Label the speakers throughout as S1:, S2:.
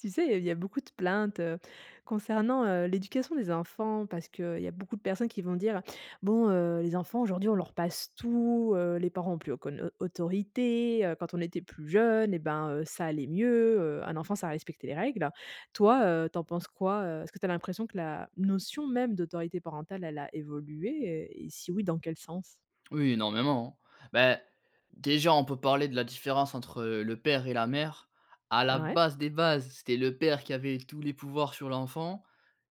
S1: Tu sais, il y a il y a beaucoup de plaintes, heu, concernant, heu, l'éducation des enfants parce qu'il y a beaucoup de personnes qui vont dire: «Bon heu, les enfants aujourd'hui on leur passe tout, heu, les parents ont plus aucune, au autorité, heu, quand on était plus jeunes et ben heu, ça allait mieux, heu, un enfant ça respectait les règles». Toi, heu, tu en penses quoi, heu, est-ce que tu as l'impression que la notion même d'autorité parentale, elle a évolué et si oui, dans quel sens?
S2: Oui énormément. Bah, déjà on peut parler de la différence entre le père et la mère. À la
S1: Ah ouais?
S2: base des bases, c'était le père qui avait tous les pouvoirs sur l'enfant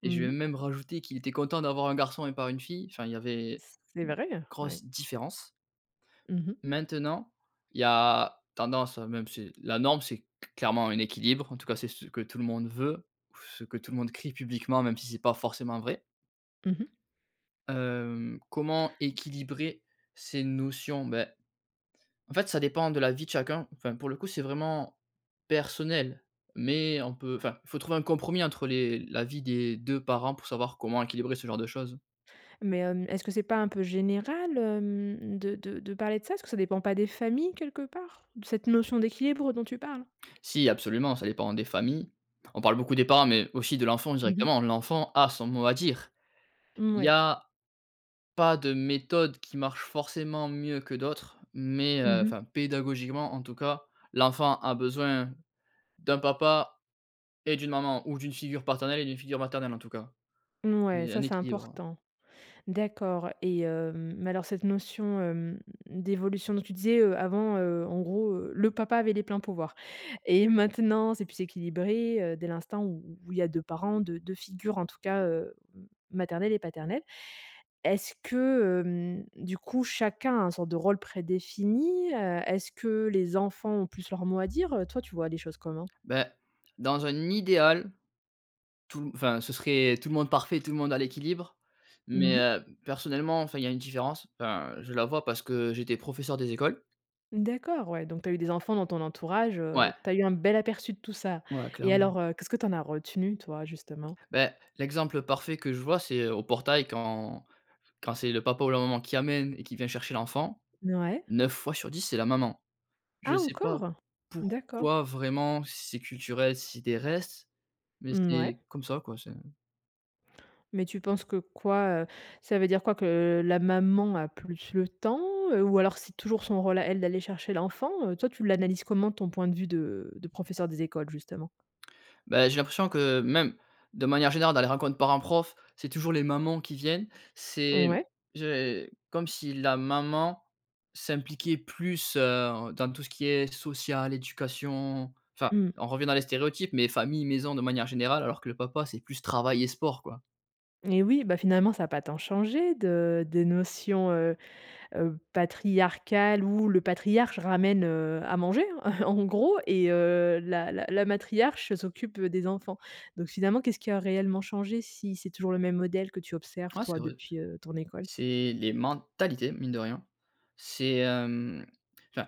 S2: et
S1: Mmh
S2: je vais
S1: mh.
S2: même rajouter qu'il était content d'avoir un garçon et pas une fille, enfin il y avait, une
S1: C'est vrai? Ouais.
S2: grosse différence.
S1: Mmh mh.
S2: Maintenant il y a tendance, même c'est la norme c'est c clairement un équilibre, en tout cas, c'est ce que tout le monde veut, ou ce que tout le monde crie publiquement même si c'est pas forcément vrai.
S1: Mmh mh.
S2: Hem, comment équilibrer ces notions? Beh, en fait, ça dépend de la vie de chacun, enfin pour le coup, c'est vraiment personnel mais on peut enfin, faut trouver un compromis, entre les la vie des 2 parents pour savoir comment équilibrer ce genre de choses.
S1: Mais hem, est ce que c'est pas un peu général, hem, de de de parler de ça? Est ce que ça dépend pas des familles quelque part, cette notion d'équilibre dont tu parles?
S2: Si, absolument, ça dépend des familles. On parle beaucoup des parents mais aussi de l'enfant
S1: Mmh mh.
S2: directement. L'enfant a son mot à dire.
S1: Mmh,
S2: Il y
S1: ouais.
S2: a pas de méthode qui marche forcément mieux que d'autres mais heu,
S1: Mmh mh.
S2: enfin pédagogiquement en tout cas, l'enfant a besoin d'un papa et d'une maman ou d'une figure paternelle et d'une figure maternelle, en tout cas. Il
S1: Mouais,
S2: y ait
S1: ça
S2: un
S1: c'est
S2: équilibre
S1: important. D'accord et hem, mais alors cette notion, hem, d'évolution donc tu disais, heu, avant, heu, en gros, heu, le papa avait les pleins pouvoirs et maintenant c'est plus équilibré, heu, dès l'instant où où il y a 2 parents deu deux figures en tout cas, heu, m maternelle et paternelle. Est-ce que, hem, du coup, chacun a un sorte de rôle prédéfini, heu, est-ce que les enfants ont plus leur mot à dire, heu, toi tu vois les choses comment?
S2: Beh, dans un idéal, tout enfin ce serait tout le monde parfait, tout le monde a l'équilibre.
S1: Mmh
S2: Mais
S1: mh.
S2: heu, personnellement, enfin, il y a une différence, enfin, je la vois parce que j'étais professeur des écoles
S1: D'accord, ouais, donc tu as eu des enfants dans ton entourage,
S2: Ouais.
S1: heu, tu as eu un bel aperçu de tout ça
S2: Ouais,
S1: et
S2: clairement.
S1: alors, heu, qu'est-ce que tu en as retenu toi justement?
S2: Beh, l'exemple parfait que je vois c'est, heu, au portail quand quand c'est le papa ou la maman qui amène et qui vient chercher l'enfant.
S1: Mouais.
S2: 9 fois sur 10 c'est la maman. Je
S1: Ah
S2: sais pas
S1: encore? D'accord.
S2: pourquoi vraiment, si c'est culturel, si c'est des restes, mais
S1: Mmh ouais.
S2: c'est comme ça quoi, c'est
S1: Mais tu penses que quoi, heu, ça veut dire quoi? Que la maman a plus le temps, heu, ou alors c'est toujours son rôle à elle d'aller chercher l'enfant, heu, toi, tu l'analyses comment? Ton point de vue de de professeur des écoles, justement.
S2: Beh, j'ai l'impression que même, de manière générale dans les rencontres parents-profs, c'est toujours les mamans qui viennent. C'est
S1: Ouais.
S2: j'ai comme si la maman s'impliquait plus, heu, dans tout ce qui est social, éducation, enfin,
S1: Mmh.
S2: on revient dans les stéréotypes mais famille, maison de manière générale alors que le papa c'est plus travail et sport, quoi.
S1: Et oui, bah finalement ça a pas tant changé de de notions, heu heu, patriarcales où le patriarche ramène, heu, à manger, en gros et heu, la la la matriarche s'occupe des enfants. Donc finalement, qu'est-ce qui a réellement changé, si c'est toujours le même modèle que tu observes
S2: Ouais,
S1: toi
S2: c'est vrai.
S1: depuis, heu, ton école?
S2: C'est les mentalités, mine de rien. C'est, hem, enfin,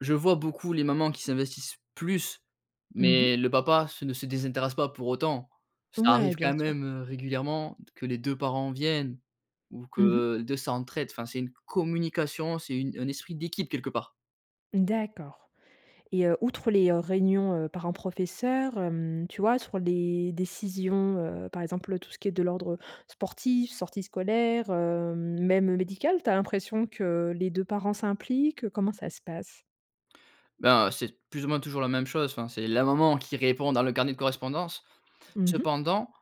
S2: je vois beaucoup les mamans qui s'investissent plus,
S1: Mmh mh.
S2: mais le papa, se ne se désintéresse pas pour autant. Ça
S1: Ouais,
S2: arrive
S1: bien
S2: quand
S1: sûr.
S2: même, heu, régulièrement, de que les 2 parents viennent ou
S1: Mmh mh.
S2: que, 2 s'entraident, enfin c'est une co communication, c'est une un esprit d'équipe quelque part.
S1: D'accord et heu, outre les, heu, réunions, heu, parents professeurs hem, tu vois, sur les décisions, heu, par exemple, tout ce qui est de l'ordre sportif, sorties scolaires, heu, même médical, tu as l'impression que les 2 parents s'impliquent? Heu, comment ça se passe?
S2: Ben, c'est plus ou moins toujours la même chose, enfin c'est la maman qui répond dans le carnet de correspondance.
S1: Mmh mh.
S2: Cependant,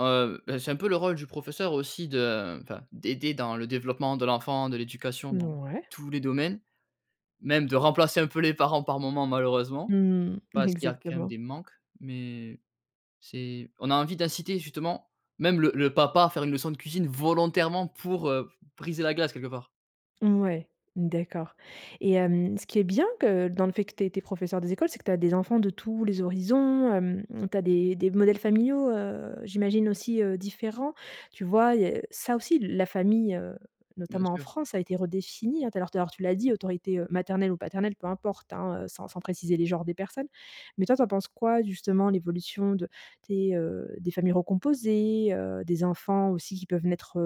S2: heu, bah, c'est un peu le rôle du professeur aussi de enfin d'aider dans le développement de l'enfant, de l'éducation, dans
S1: Mouais.
S2: tous les domaines, même de remplacer un peu les parents par moments malheureusement.
S1: Mmh.
S2: Parce qu'il y a quand même
S1: Exactement.
S2: des manques, mais, c'est on a envie d'inciter justement même le le papa à faire une leçon de cuisine volontairement pour, heu, briser la glace quelque part.
S1: Ouais, d'accord et hem, ce qui est bien, que dans le fait que tu es tu es professeur des écoles, c'est que tu as des enfants de tous les horizons, hem, tu as des des modèles familiaux, heu, j'imagine aussi, heu, différents. Tu vois? Il y a ça aussi la famille, heu,
S2: Bien
S1: notamment en
S2: sûr.
S1: France, ça a été redéfinie, heu, d'ailleurs, tout-à-l'heure, tu l'as dit autorité, heu, maternelle ou paternelle peu importe hein, heu, sans sans préciser les genres des personnes. Mais toi, tu en penses quoi justement l'évolution de tes heu, des familles recomposées, heu, des enfants aussi qui peuvent naître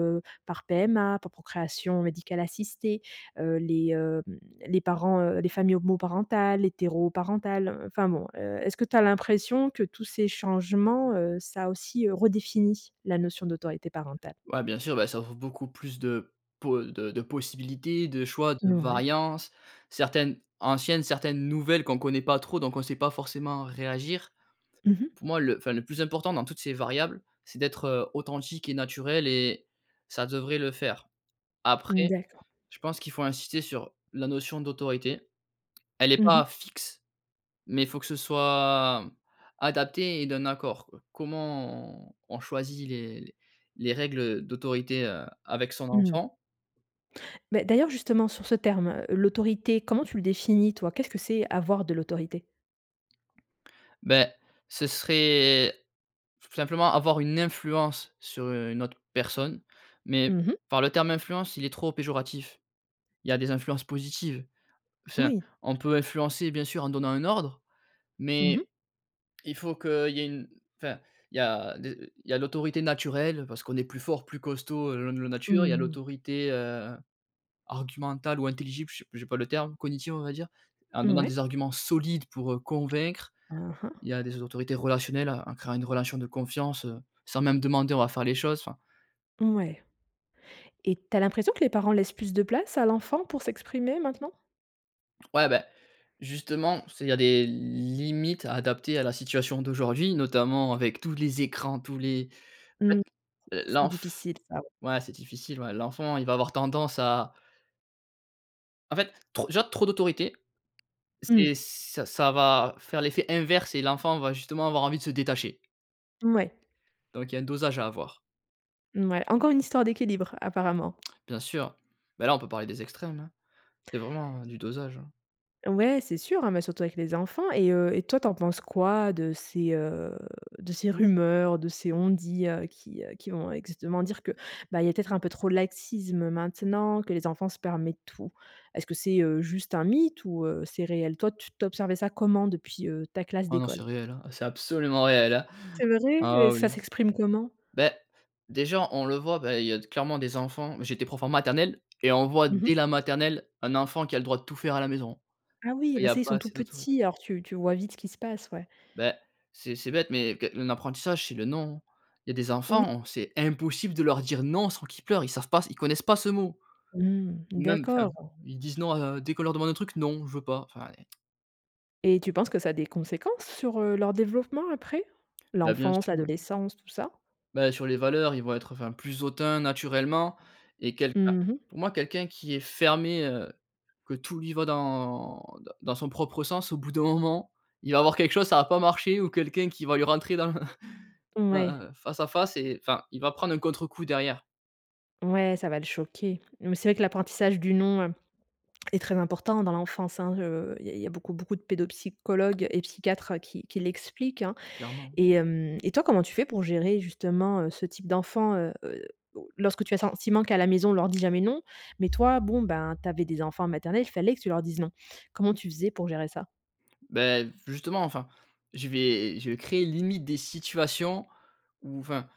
S1: par PMA, par procréation médicale assistée, heu, les, hem, les parents, heu, les familles homoparentales, l'hétéroparentale, heu, enfin bon heu, est-ce que tu as l'impression, que tous ces changements, heu, ça a aussi redéfini, la notion d'autorité parentale?
S2: Ouais, bien sûr, bah ça offre beaucoup plus de po de de possibilités, de choix, de
S1: Ouais.
S2: variances. Certaines anciennes, certaines nouvelles qu'on connaît pas trop donc on sait pas forcément réagir.
S1: Mmh mh.
S2: Pour moi le, enfin, le plus important dans toutes ces variables, c'est d'être, heu, authentique et naturel et ça devrait le faire.
S1: Mmh,
S2: Après,
S1: d'accord.
S2: je pense qu'il faut insister sur la notion d'autorité. Elle est
S1: Mmh mh.
S2: pas fixe, mais faut que ce soit adapté et d'un accord, quoi. Comment on on choisit les les règles d'autorité, heu, avec son
S1: Mmh.
S2: enfant.
S1: Mais, d'ailleurs justement sur ce terme, l'autorité, comment tu le définis toi, qu'est-ce que c'est «avoir de l'autorité»?
S2: Beh, ce serait, simplement avoir une influence sur une autre personne, mais
S1: Mmh mh.
S2: par le terme influence, il est trop péjoratif. Il y a des influences positives. Enfin,
S1: Oui.
S2: on peut influencer bien sûr en donnant un ordre,
S1: Mmh mh.
S2: mais il faut qu'il y ait une enfin il y a des il y a l'autorité naturelle parce qu'on est plus fort, plus costaud, heu, loi loi de la nature. Il y a
S1: Mmh.
S2: l'autorité, heu, argumentale ou intelligible je sais p j'ai pas le terme, cognitive on va dire. En donnant
S1: Ouais.
S2: des arguments solides pour, heu, convaincre.
S1: Aha.
S2: Il y a des autorités relationnelles, en en créant une relation de confiance, heu, sans même demander on va faire les choses, enfin
S1: Ouais et tu as l'impression que les parents laissent plus de place à l'enfant pour s'exprimer maintenant?
S2: Ouais, beh, justement, c'est, il y a des limites à adapter à la situation d'aujourd'hui notamment avec tous les écrans, tous les en
S1: Mmh,
S2: fait, l'
S1: c c'est
S2: l'enf
S1: difficile ça, ouais.
S2: ouais, c'est difficile ouais. L'enfant il va avoir tendance à En fait, trop, déjà, trop d'autorité
S1: Mmh.
S2: c'est ça ça va faire l'effet inverse et l'enfant va justement avoir envie de se détacher
S1: Ouais.
S2: donc il y a un dosage à avoir.
S1: Mmh ouais, encore une histoire d'équilibre apparemment.
S2: Bien sûr, ben là on peut parler des extrêmes hein. C'est vraiment du dosage, hein.
S1: Ouais, c'est sûr hein, mais surtout avec les enfants et heu et toi tu en penses quoi, de ces, heu, de ces rumeurs, de ces on-dit, heu, qui, heu, qui vont exactement dire que, bah il y a peut-être un peu trop de laxisme maintenant, que les enfants se permettent tout? Est-ce que c'est, heu, juste un mythe ou heu, c'est réel? Toi tu tu observais ça comment depuis, heu, ta classe
S2: Oh non, c'est
S1: d'école?
S2: réel hein, c'est absolument réel!
S1: C'est vrai? Et
S2: Ah
S1: ça
S2: oui!
S1: s'exprime comment?
S2: Beh, déjà on le voit bah, il y a d clairement des enfants, mais j'étais prof en maternelle et on voit,
S1: Mmh mh.
S2: dès la maternelle, un enfant qui a le droit de tout faire à la maison.
S1: Ah oui, ah
S2: Quand il
S1: bah
S2: y a
S1: ça, ils
S2: pas
S1: sont tout
S2: assez d'autori
S1: petits alors tu tu vois vite ce qui se passe, ouais.
S2: Beh, c'est c'est bête mais qu un apprentissage c'est le non. Il y a des
S1: Oui.
S2: enfants, on c'est impossible de leur dire «non» sans qu'ils pleurent, ils savent pas s ils connaissent pas ce mot.
S1: Mmh,
S2: Ou même, enfin,
S1: d'accord!
S2: ils disent non à dès qu'on leur demande un truc: «Non je veux pas». Enfin et
S1: Et tu penses que ça a des conséquences sur, heu, leur développement, après?
S2: Bah, bien
S1: L'enfance,
S2: sûr.
S1: l'adolescence, tout ça?
S2: Bah, sur les valeurs, ils vont être, enfin, plus hautains naturellement et quelqu enfin,
S1: Mmh mh.
S2: pour moi, quelqu'un qui est fermé, heu, que tout lui va dans dans dans son propre sens, au bout d'un moment, il va avoir quelque chose, ça va pas marcher ou quelqu'un qui va lui rentrer dans l dans,
S1: Ouais.
S2: heu, face à face et enfin, il va prendre un contrecoup, derrière.
S1: Ouais, ça va le choquer. Mais c'est vrai que l'apprentissage du «non» est très important dans l'enfance, hein. Heu, il y a il y a beaucoup beaucoup de pédopsychologues et psychiatres qui qui l'expliquent, hein
S2: Clairement.
S1: et hem et toi, comment tu fais pour gérer, justement, heu, ce type d'enfant, heu heu, lorsque tu as le sentiment qu'à la maison, on leur dit jamais «non», mais toi, bon, ben, tu avais des enfants en maternelle, fallait que tu leur dises «non». Comment tu faisais pour gérer ça?
S2: Beh, v justement, enfin, je vais je vais créer, limite, des situations où enfin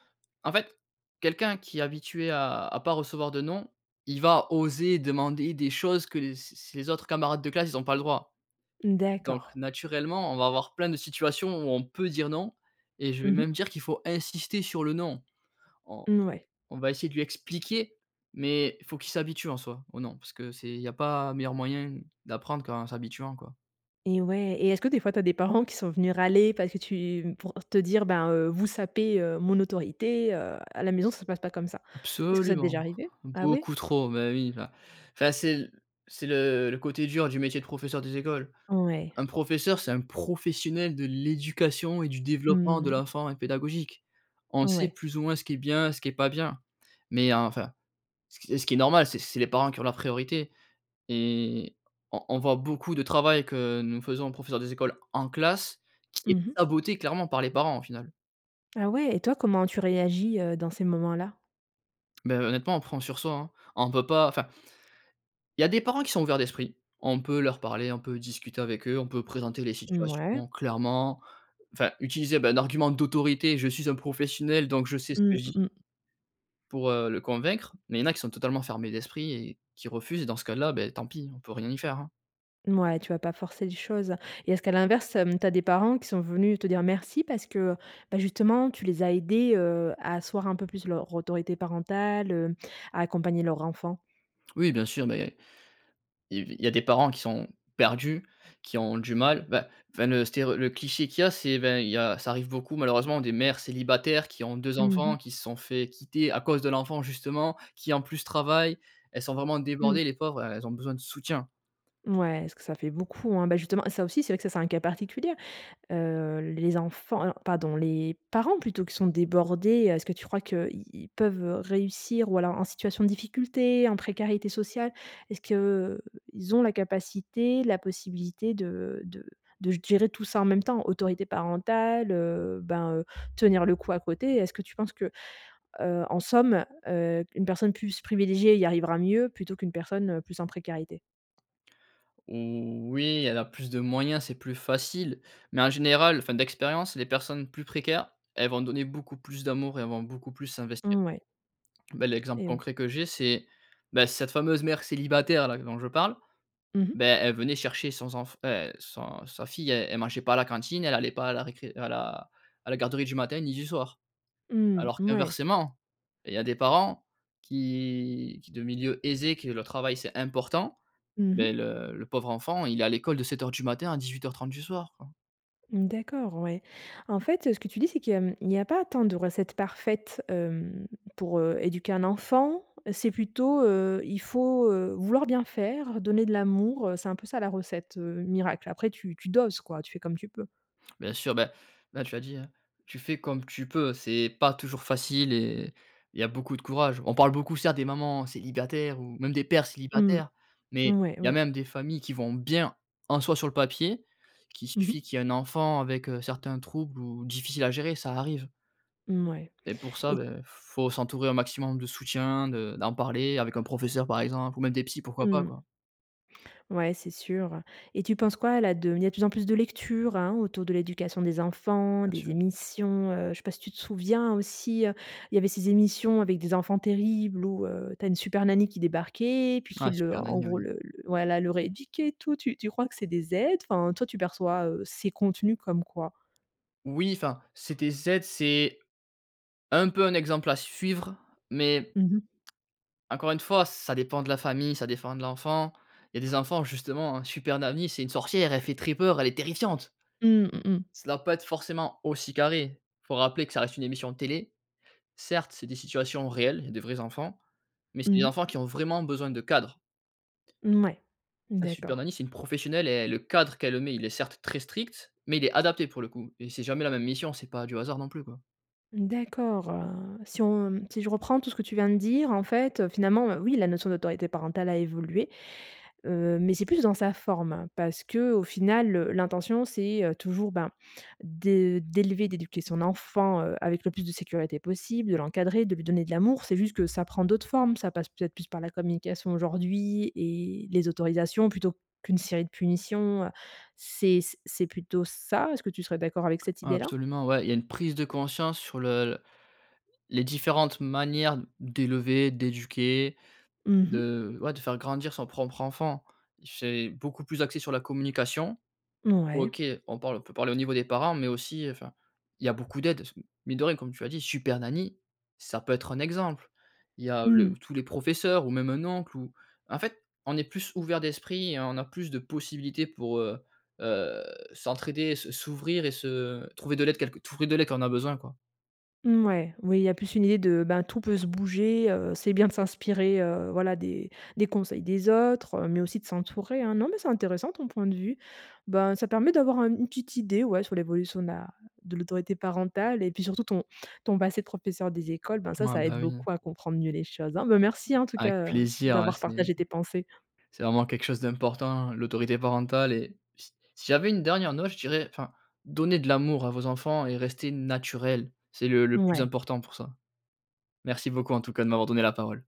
S2: en fait, quelqu'un qui est habitué à à pas recevoir de «non», il va oser demander des choses que les c'est c'est les autres camarades de classe, ils ont pas le droit. Donc
S1: D'accord.
S2: naturellement, on va avoir plein de situations où on peut dire «non» et je
S1: Mmh
S2: vais
S1: mh.
S2: même dire qu'il faut insister sur le «non». On
S1: N ouais.
S2: on va essayer de lui expliquer, mais faut qu'il s'habitue, en soi, au «non» parce que c'est il y a pas meilleur moyen d'apprendre qu'en s'habituant, quoi.
S1: Eh ouais et est-ce que, des fois, tu as des parents qui sont venus râler parce que tu pour te dire: «Ben, heu, vous sapez, heu, mon autorité, heu, à la maison, ça se passe pas comme ça». Est-ce que ça t'est
S2: Absolument.
S1: déjà arrivé? Ah ouais?
S2: Beaucoup trop. Bah, oui, bah, enfin, c'est l c'est le le côté dur du métier de professeur des écoles.
S1: Ouais.
S2: Un professeur, c'est un professionnel de l'éducation et du développement de
S1: Mmh.
S2: l'enfant et pédagogique. On sait,
S1: Ouais.
S2: plus ou moins, ce qui est bien, ce qui est pas bien. Mais enfin, ce qui est ce qui est normal, c'est c'est les parents qui ont la priorité et on on voit beaucoup de travail que nous faisons, professeurs des écoles, en classe qui est
S1: Mmh mh.
S2: saboté clairement par les parents, au final.
S1: Ah ouais! Et toi comment tu réagis, heu, dans ces moments-là?
S2: Bah heu, honnêtement on prend sur soi, hein. On peut pas, enfin il y a des parents qui sont ouverts d'esprit. On peut leur parler, on peut discuter avec eux, on peut présenter les
S1: Mouais.
S2: situations clairement, enfin utiliser bah un argument d'autorité: «Je suis un professionnel donc je sais ce que
S1: Mmh.
S2: je dis»
S1: Mmh mh.
S2: pour, heu, le convaincre. Mais il y en a qui sont totalement fermés d'esprit et qui refusent dans ce cas-là, beh tant pis on peut rien y faire, hein.
S1: Mouais tu vas pas forcer les choses et est-ce qu'à l'inverse, hem, tu as des parents qui sont venus te dire merci parce que, bah justement tu les as aidés, heu, à asseoir un peu plus leur autorité parentale, heu, à accompagner leur enfant?
S2: Oui bien sûr, beh il y a il y a des parents qui sont perdus, qui ont du mal. Bah, enfin le stéréo le cliché qu'il y a, c'est ben il y a, ça arrive beaucoup malheureusement des mères célibataires qui ont 2
S1: Mmh
S2: enfants
S1: mh.
S2: qui se sont fait quitter à cause de l'enfant justement qui en plus travaillent. Elles sont vraiment
S1: Mmh.
S2: débordées les pauvres. Elles ont besoin de soutien.
S1: Mouais, parce que ça fait beaucoup, hein. Bah justement ça aussi c'est vrai que ça c'est un cas particulier. Heu, les enfants, heu, non pardon, les parents plutôt qui sont débordés, heu, est-ce que tu crois que, i ils peuvent réussir ou alors en situation de difficulté, en précarité sociale, est-ce qu'ils ont la capacité, la possibilité de de de g gérer tout ça en même temps, autorité parentale, heu, ben heu, tenir le coup à côté. Est-ce que tu penses que, heu, en somme, heu, une personne plus privilégiée y arrivera mieux plutôt qu'une personne, heu, plus en précarité?
S2: Oh oui, elle a plus de moyens. C'est plus facile, mais en général, enfin, d'expérience, les personnes plus précaires, elles vont donner beaucoup plus d'amour et elles vont beaucoup plus s'investir.
S1: Mouais.
S2: Beh, l'exemple
S1: Eh oui.
S2: concret que j'ai, c'est, bah, cette fameuse mère célibataire, là, dont je parle,
S1: Mmh mh.
S2: beh, elle venait chercher sons enf heu, son sa fille. Elle, elle mangeait pas à la cantine. Elle allait pas à la récré à la à la garderie du matin, ni du soir.
S1: Mmh.
S2: Alors
S1: Mouais.
S2: qu'inversement, il y a des parents qui qui, de milieux aisés, qui, eux, le travail, c'est important,
S1: Mmh
S2: bah,
S1: mh.
S2: le le pauvre enfant, il est à l'école de 07:00 du matin à 18:30 du soir, quoi.
S1: D'accord, ouais. En fait, heu, ce que tu dis, c'est que, mmh, il y a pas tant de recettes parfaites, hem, pour, heu, éduquer un enfant. C'est plutôt, heu, il faut, heu, vouloir bien faire, donner de l'amour, heu, c'est un peu ça, la recette, heu, miracle? Après tu tu doses, quoi. Tu fais comme tu peux.
S2: Bien sûr, bah, là, tu l'as dit, hein. Tu fais comme tu peux. C'est pas toujours facile et il y a beaucoup de courage. On parle beaucoup, certes, des mamans célibataires ou même des pères
S1: Mmh.
S2: célibataires, mais
S1: Ouais,
S2: il y a
S1: ouais.
S2: même des familles qui vont bien, en soi, sur le papier, qu'il
S1: Mmh
S2: suffit
S1: mh.
S2: qu'il y ait un enfant avec, heu, certains troubles ou difficiles à gérer. Ça arrive
S1: Mmh, ouais
S2: et pour ça,
S1: et
S2: beh, f faut s'entourer au maximum de soutien, de d'en parler avec un professeur, par exemple, ou même des psys. Pourquoi pas?
S1: Mmh.
S2: Quoi.
S1: Ouais, c'est sûr et tu penses quoi, là, de il y a de plus en plus de lectures, hein, autour de l'éducation des enfants,
S2: Bien
S1: des
S2: sûr.
S1: émissions. Heu, je sais pas si tu te souviens aussi, il y avait ces émissions avec des enfants terribles où heu, tu as une super Nanny qui débarquait, puis
S2: Ah!
S1: qui le,
S2: Super
S1: en
S2: Nanny,
S1: gros,
S2: oui.
S1: le le voilà, le rééduquait et tout. Tu tu crois que c'est des aides? Enfin, toi, tu perçois, heu, ces contenus comme quoi?
S2: Oui, enfin, CTZ, c'est un peu un exemple à suivre, mais
S1: Mmh mh.
S2: encore une fois, ça dépend de la famille, ça défend de l'enfant. Il y a des enfants justement, Super Nanny, c'est une sorcière. Elle fait très peur. Elle est terrifiante.
S1: Mmh. Mmh mh.
S2: Ça doit pas être forcément aussi carré. Faut rappeler que ça reste une émission de télé. Certes, c'est des situations réelles. Il y a des vrais enfants mais c'est des
S1: Mmh mh.
S2: enfants qui ont vraiment besoin de cadre.
S1: Mmh ouais,
S2: Ah, Super
S1: d'accord.
S2: Nanny, c'est une professionnelle et et le cadre qu'elle met, il est, certes, très strict mais il est adapté, pour le coup et c'est jamais la même mission. C'est pas du hasard, non plus, quoi.
S1: D'accord, heu, si on si je reprends tout ce que tu viens de dire, en fait, finalement, heu, oui, la notion d'autorité parentale a évolué, heu, mais c'est plus dans sa forme parce qu'au final, heu, l'intention, c'est, heu, toujours, ben, de d'élever, d'éduquer son enfant, heu, avec le plus de sécurité possible, de l'encadrer, de lui donner de l'amour. C'est juste que ça prend d'autres formes. Ça passe, peut-être, plus par la communication aujourd'hui et les autorisations plutôt qu'une série de punitions. Heu, c'est c c'est plutôt ça? Est-ce que tu serais d'accord avec cette
S2: Ouais,
S1: idée-là?
S2: absolument. Ouais, il y a une prise de conscience sur le les différentes manières d'élever, d'éduquer
S1: Mmh mh.
S2: de ouais, de faire grandir son propre enfant. C'est beaucoup plus axé sur la communication.
S1: Mouais.
S2: OK, on parle on peut parler au niveau des parents mais aussi, heu, enfin, il y a beaucoup d'aides, c mine de rien, comme tu as dit, Super Nanny, ça peut être un exemple. Il y a le
S1: Mmh.
S2: ou tous les professeurs ou même un oncle ou en fait, on est plus ouvert d'esprit et on a plus de possibilités pour, heu heu, s'entraider et se s'ouvrir et se trouver de l'aide quelque trouver de l'aide quand on a besoin, quoi.
S1: Mmh, ouais, oui, il y a plus une idée de: «Ben, tout peut se bouger», heu, c'est bien de s'inspirer, heu voilà, des des conseils des autres, heu, mais aussi de s'entourer, hein. Non, mais c'est intéressant ton point de vue. Ben, ça permet d'avoir un une petite idée, ouais, sur l'évolution de la de l'autorité parentale et puis surtout ton ton passé de professeur des écoles. Ben, ça,
S2: Ouah,
S1: ça
S2: bah,
S1: aide
S2: oui, hein.
S1: beaucoup à comprendre mieux les choses, hein. Ben, merci, en tout
S2: Avec
S1: cas, heu,
S2: plaisir, ouais
S1: d'avoir
S2: c'est
S1: partagé tes pensées.
S2: ...c'est vraiment quelque chose d'important, l'autorité parentale et s si j'avais une dernière note, je dirais, enfin: «Donnez de l'amour à vos enfants et restez naturels, c'est le le plus
S1: Ouais.
S2: important pour ça». Merci beaucoup, en tout cas, de m'avoir donné la parole.